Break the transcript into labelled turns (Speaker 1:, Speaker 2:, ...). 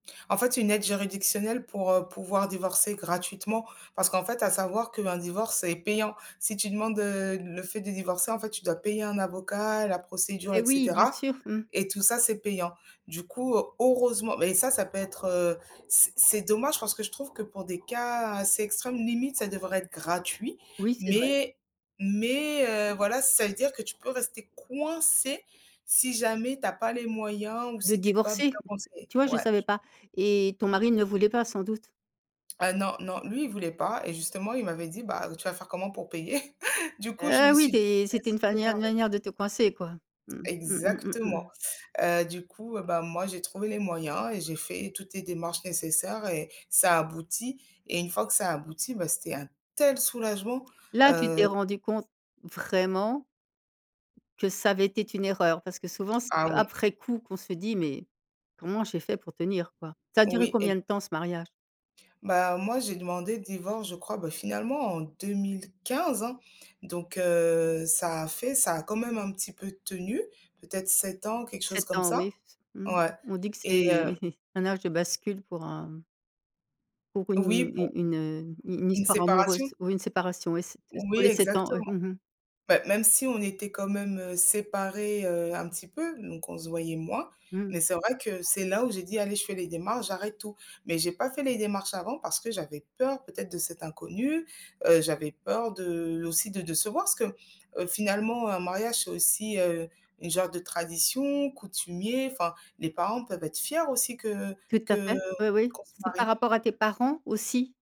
Speaker 1: En fait, une aide juridictionnelle pour, heu, pouvoir divorcer gratuitement, parce qu'en fait à savoir qu'un divorce est payant. Si tu demandes heu, le fait de divorcer, en fait tu dois payer un avocat, la procédure
Speaker 2: Eh
Speaker 1: et
Speaker 2: oui, bien
Speaker 1: cetera
Speaker 2: sûr. Mmh.
Speaker 1: et tout ça c'est payant. Du coup, heureusement mais ça, ça peut être, heu, c'est c'est dommage parce que je trouve que pour des cas assez extrêmes, limite ça devrait être gratuit,
Speaker 2: Oui, c'est vrai.
Speaker 1: mais mais, heu, voilà, ça veut dire que tu peux rester coincée si jamais tu as pas les moyens ou
Speaker 2: De
Speaker 1: si tu es pas
Speaker 2: divorcer?
Speaker 1: bien conseillée.
Speaker 2: Tu vois, je
Speaker 1: Ouais
Speaker 2: savais
Speaker 1: je
Speaker 2: pas et ton mari ne voulait pas, sans doute?
Speaker 1: Ah non, non, lui, il voulait pas et justement il m'avait dit: «Bah, tu vas faire comment pour payer?» du coup je me
Speaker 2: Heu, oui
Speaker 1: suis dit:
Speaker 2: des
Speaker 1: «Tu vas
Speaker 2: c'était
Speaker 1: se
Speaker 2: une manière-
Speaker 1: démerder».
Speaker 2: manière de te coincer quoi. Mmh. Mmh mh, mmh
Speaker 1: Exactement,
Speaker 2: mh.
Speaker 1: heu, du coup, heu, bah moi j'ai trouvé les moyens et j'ai fait toutes les démarches nécessaires et ça a abouti et une fois que ça a abouti, bah, c'était un tel soulagement,
Speaker 2: Là, tu
Speaker 1: heu
Speaker 2: t'es rendu compte vraiment que ça avait été une erreur, parce que souvent, c'est
Speaker 1: Ah oui.
Speaker 2: après coup qu'on se dit: «Mais comment j'ai fait pour tenir, quoi?». Ça a duré
Speaker 1: Oui
Speaker 2: combien
Speaker 1: ex
Speaker 2: de temps ce mariage?
Speaker 1: Bah, heu, moi j'ai demandé le divorce, je crois, bah finalement en 2015 hein? Donc, heu, ça a fait ça a quand même un petit peu tenu, peut-être 7 ans, quelque chose
Speaker 2: 7
Speaker 1: comme
Speaker 2: ans oui,
Speaker 1: ça.
Speaker 2: s mmh.
Speaker 1: Ouais
Speaker 2: On dit que
Speaker 1: et heu
Speaker 2: c'est un âge de bascule pour un pour
Speaker 1: Oui
Speaker 2: une une
Speaker 1: pour
Speaker 2: une, heu, une une
Speaker 1: Une
Speaker 2: histoire
Speaker 1: séparation?
Speaker 2: amoureuse ou une séparation, ouais c'est t tous
Speaker 1: Oui
Speaker 2: les 7 ans ouais,
Speaker 1: exactement.
Speaker 2: mmh mh.
Speaker 1: Beh, même si on était quand même, heu, séparés, heu, un petit peu donc on se voyait moins
Speaker 2: Mmh.
Speaker 1: mais c'est vrai que c'est là où j'ai dit: «Allez, je fais les démarches, j'arrête tout». Mais j'ai pas fait les démarches avant parce que j'avais peur peut-être de cet inconnu, heu, j'avais peur de aussi de décevoir parce que, heu, finalement un mariage c'est aussi, heu, une genre de tradition, coutumier, enfin les parents peuvent être fiers aussi que
Speaker 2: Tout à
Speaker 1: que
Speaker 2: fait. Oui, oui.
Speaker 1: qu'on se
Speaker 2: C'est par
Speaker 1: marie.
Speaker 2: rapport à tes parents aussi?